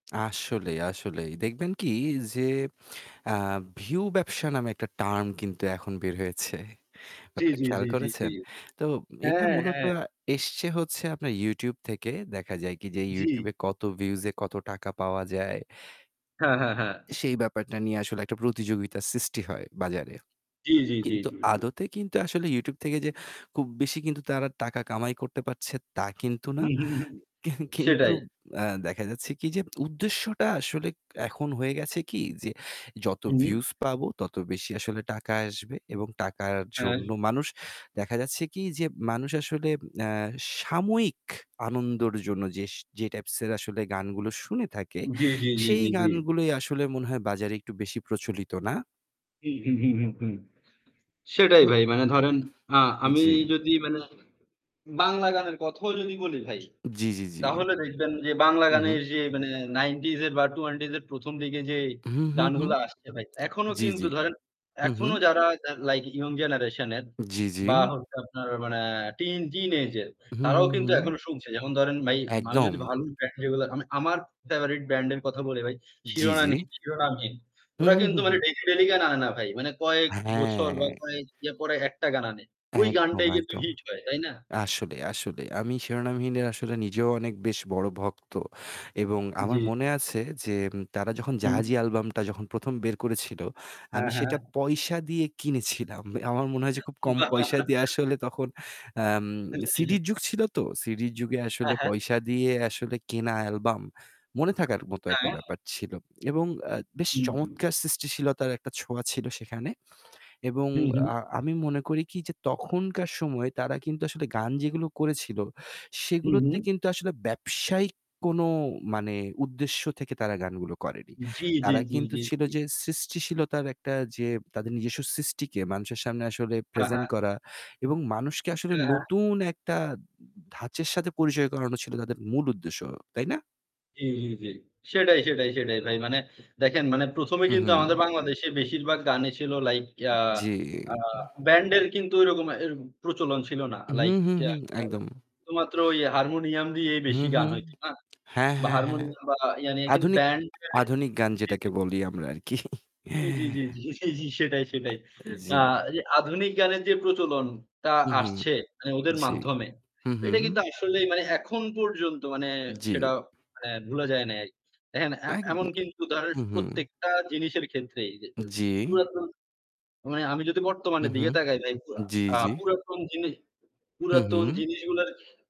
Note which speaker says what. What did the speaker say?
Speaker 1: আসলেই, আসলেই দেখবেন কি যে আ ভিউ ব্যবসা নামে একটা টার্ম কিন্তু এখন বের হয়েছে।
Speaker 2: জি,
Speaker 1: ব্যাপারটা
Speaker 2: জি,
Speaker 1: খেয়াল
Speaker 2: জি, জি, জি।
Speaker 1: করেছেন? তো এটা
Speaker 2: হ্যাঁ,
Speaker 1: মূলত
Speaker 2: হ্যাঁ।
Speaker 1: এসছে হচ্ছে আপনার YouTube থেকে দেখা যায় কি যে YouTube
Speaker 2: জি।
Speaker 1: কত ভিউজ এ কত টাকা পাওয়া যায়।
Speaker 2: হ্যাঁ, হ্যাঁ, হ্যাঁ।
Speaker 1: সেই ব্যাপারটা নিয়ে আসলে একটা প্রতিযোগিতা সৃষ্টি হয় বাজারে।
Speaker 2: জি, জি, জি,
Speaker 1: কিন্তু
Speaker 2: জী, জি।
Speaker 1: আদতে কিন্তু আসলে YouTube থেকে যে খুব বেশি কিন্তু তারা টাকা কামাই করতে পারছে তা কিন্তু না।
Speaker 2: উহু, হু জি
Speaker 1: কেং কিন্তু
Speaker 2: সেটাই।
Speaker 1: অ্যা দেখা যাচ্ছে কি যে উদ্দেশ্যটা আসলে এখন হয়ে গেছে কি যে, যত
Speaker 2: হুম।
Speaker 1: ভিউজ পাবো তত বেশি আসলে টাকা আসবে এবং টাকার
Speaker 2: হ্যাঁ।
Speaker 1: জন্য মানুষ দেখা যাচ্ছে কি যে মানুষ আসলে অ্যা সাময়িক আনন্দর জন্য যে টাইপসের আসলে গানগুলো শুনে থাকে
Speaker 2: জি, জি, জি,
Speaker 1: সেই
Speaker 2: জি, জি।
Speaker 1: গানগুলোই আসলে মনে হয় বাজারে একটু বেশি প্রচলিত না?
Speaker 2: উহু, হু, হু, হু সেটাই
Speaker 1: ও।
Speaker 2: ভাই মানে ধরেন আ আমি
Speaker 1: জি।
Speaker 2: যদি মানে বাংলা গানের কথাও যদি বলি ভাই।
Speaker 1: জি, জি, জি।
Speaker 2: তাহলে দেখবেন যে বাংলা
Speaker 1: হু,
Speaker 2: গানের
Speaker 1: হু।
Speaker 2: যে মানে 90s এর বা 20s এর ১ম, দিকে যেই
Speaker 1: হু, হু, হু।
Speaker 2: গানগুলা আসছে ভাই, এখনো
Speaker 1: জি,
Speaker 2: কিন্তু
Speaker 1: জি।
Speaker 2: ধরেন
Speaker 1: হু, হু।
Speaker 2: এখনো যারা লাইক ইয়ং জেনারেশন এর
Speaker 1: জি, জি।
Speaker 2: বা হচ্ছে আপনার মানে টিন, টিন age এর
Speaker 1: হু, হু,
Speaker 2: তারাও কিন্তু
Speaker 1: হু।
Speaker 2: এখনো শুনছে। যেমন ধরেন ভাই মানুষ
Speaker 1: একদম।
Speaker 2: যদি ভালো দেখে এইগুলো আমি, আমার ফেভারাইট ব্র্যান্ড এর কথা বলি ভাই
Speaker 1: জি, জি।
Speaker 2: 'Shironamhin', 'Shironamhin'
Speaker 1: হু,
Speaker 2: ওরা
Speaker 1: হু,
Speaker 2: কিন্তু
Speaker 1: হু,
Speaker 2: মানে
Speaker 1: হু।
Speaker 2: ডেইলি, ডেইলি গান আনে না ভাই। মানে কয়েক বছর বা
Speaker 1: হ্যাঁ।
Speaker 2: কয়েক ইয়া পরে একটা গান আনে।
Speaker 1: একদম,
Speaker 2: গানটাই কিন্তু
Speaker 1: একদম।
Speaker 2: হিট হয়। তাই না?
Speaker 1: আসলে, আসলে। আমি 'Shironamhin' আসলে নিজেও অনেক বেশ বড় ভক্ত। এবং আমার
Speaker 2: জি।
Speaker 1: মনে আছে যে তারা যখন
Speaker 2: হুম।
Speaker 1: 'জাহাজী' অ্যালবামটা যখন ১ম, বের করেছিল,
Speaker 2: হ্যাঁ,
Speaker 1: আমি
Speaker 2: হ্যাঁ।
Speaker 1: সেটা পয়সা দিয়ে কিনেছিলাম। আমার মনে হয় যে খুব কম
Speaker 2: বাহ!
Speaker 1: পয়সা দিয়ে আসলে তখন আম
Speaker 2: হ্যাঁ, হ্যাঁ, হ্যাঁ।
Speaker 1: সিডির যুগ ছিল তো। সিডির যুগে
Speaker 2: হ্যাঁ,
Speaker 1: আসলে
Speaker 2: হ্যাঁ।
Speaker 1: পয়সা দিয়ে আসলে কেনা অ্যালবাম মনে থাকার মতো একটা
Speaker 2: হ্যাঁ।
Speaker 1: ব্যাপার ছিল। এবং অ্যা বেশ
Speaker 2: হুম, হুম।
Speaker 1: চমৎকার সৃষ্টিশীলতার একটা ছোঁয়া ছিল সেখানে। এবং
Speaker 2: হু, হু।
Speaker 1: আ আমি মনে করি কি যে তখনকার সময়ে তারা কিন্তু আসলে গান যেগুলো করেছিল
Speaker 2: হু,
Speaker 1: সেগুলোতে
Speaker 2: হু।
Speaker 1: কিন্তু আসলে ব্যবসায়িক কোন মানে উদ্দেশ্য থেকে তারা গানগুলো করেনি।
Speaker 2: জি, জি,
Speaker 1: তারা
Speaker 2: জি,
Speaker 1: কিন্তু
Speaker 2: জি,
Speaker 1: ছিল
Speaker 2: জি।
Speaker 1: যে সৃষ্টিশীলতার একটা যে তাদের নিজস্ব সৃষ্টিকে মানুষের সামনে আসলে
Speaker 2: হ্যাঁ,
Speaker 1: প্রেজেন্ট
Speaker 2: হ্যাঁ।
Speaker 1: করা এবং মানুষকে আসলে
Speaker 2: হ্যাঁ, হ্যাঁ।
Speaker 1: নতুন একটা ধাঁচের সাথে পরিচয় করানো ছিল তাদের মূল উদ্দেশ্য। তাই না?
Speaker 2: জি, জি, জি। সেটাই, সেটাই, সেটাই ভাই। মানে দেখেন মানে ১ম, এ
Speaker 1: হু,
Speaker 2: কিন্তু আমাদের
Speaker 1: হু।
Speaker 2: বাংলাদেশে বেশিরভাগ গানই ছিল লাইক ইয়া
Speaker 1: জি।
Speaker 2: আ ব্যান্ডের কিন্তু ওইরকম অ্যার প্রচলন ছিল না।
Speaker 1: হু,
Speaker 2: লাইক
Speaker 1: হু,
Speaker 2: অ্যা
Speaker 1: হু একদম।
Speaker 2: শুধুমাত্র ওই হারমোনিয়াম দিয়েই বেশি
Speaker 1: হুম,
Speaker 2: গান
Speaker 1: হুম।
Speaker 2: হইতো না?
Speaker 1: হ্যাঁ,
Speaker 2: বা
Speaker 1: হ্যাঁ, হ্যাঁ।
Speaker 2: হারমোনিয়াম বা ই কিন্তু
Speaker 1: আধুনিক,
Speaker 2: ব্যান্ড এর
Speaker 1: আধুনিক গান
Speaker 2: জি,
Speaker 1: যেটাকে
Speaker 2: জি।
Speaker 1: বলি আমরা আরকি।
Speaker 2: জি, জি, জি, জি, জি সেটাই, সেটাই। আ
Speaker 1: জী।
Speaker 2: আধুনিক গানের যে প্রচলনটা
Speaker 1: হু, হু।
Speaker 2: আসছে মানে ওদের
Speaker 1: জি।
Speaker 2: মাধ্যমে
Speaker 1: হু, হু।
Speaker 2: এটা কিন্তু আসলেই মানে এখন পর্যন্ত মানে
Speaker 1: জি।
Speaker 2: সেটা মানে ভোলা যায় নাই। দেখেন অ্যা এমন
Speaker 1: একদম
Speaker 2: কিন্তু ধরেন
Speaker 1: হু, হু।
Speaker 2: প্রত্যেকটা জিনিসের ক্ষেত্রেই যে য
Speaker 1: জি।
Speaker 2: পুরাতন মানে আমি যদি
Speaker 1: হু
Speaker 2: বর্তমানের দিকে
Speaker 1: হুম।
Speaker 2: তাকাই তাই [unintelligible]
Speaker 1: জি,
Speaker 2: আ
Speaker 1: জি।
Speaker 2: পুরাতন জিনিস,
Speaker 1: হু,
Speaker 2: পুরাতন
Speaker 1: হু।
Speaker 2: জিনিসগুলার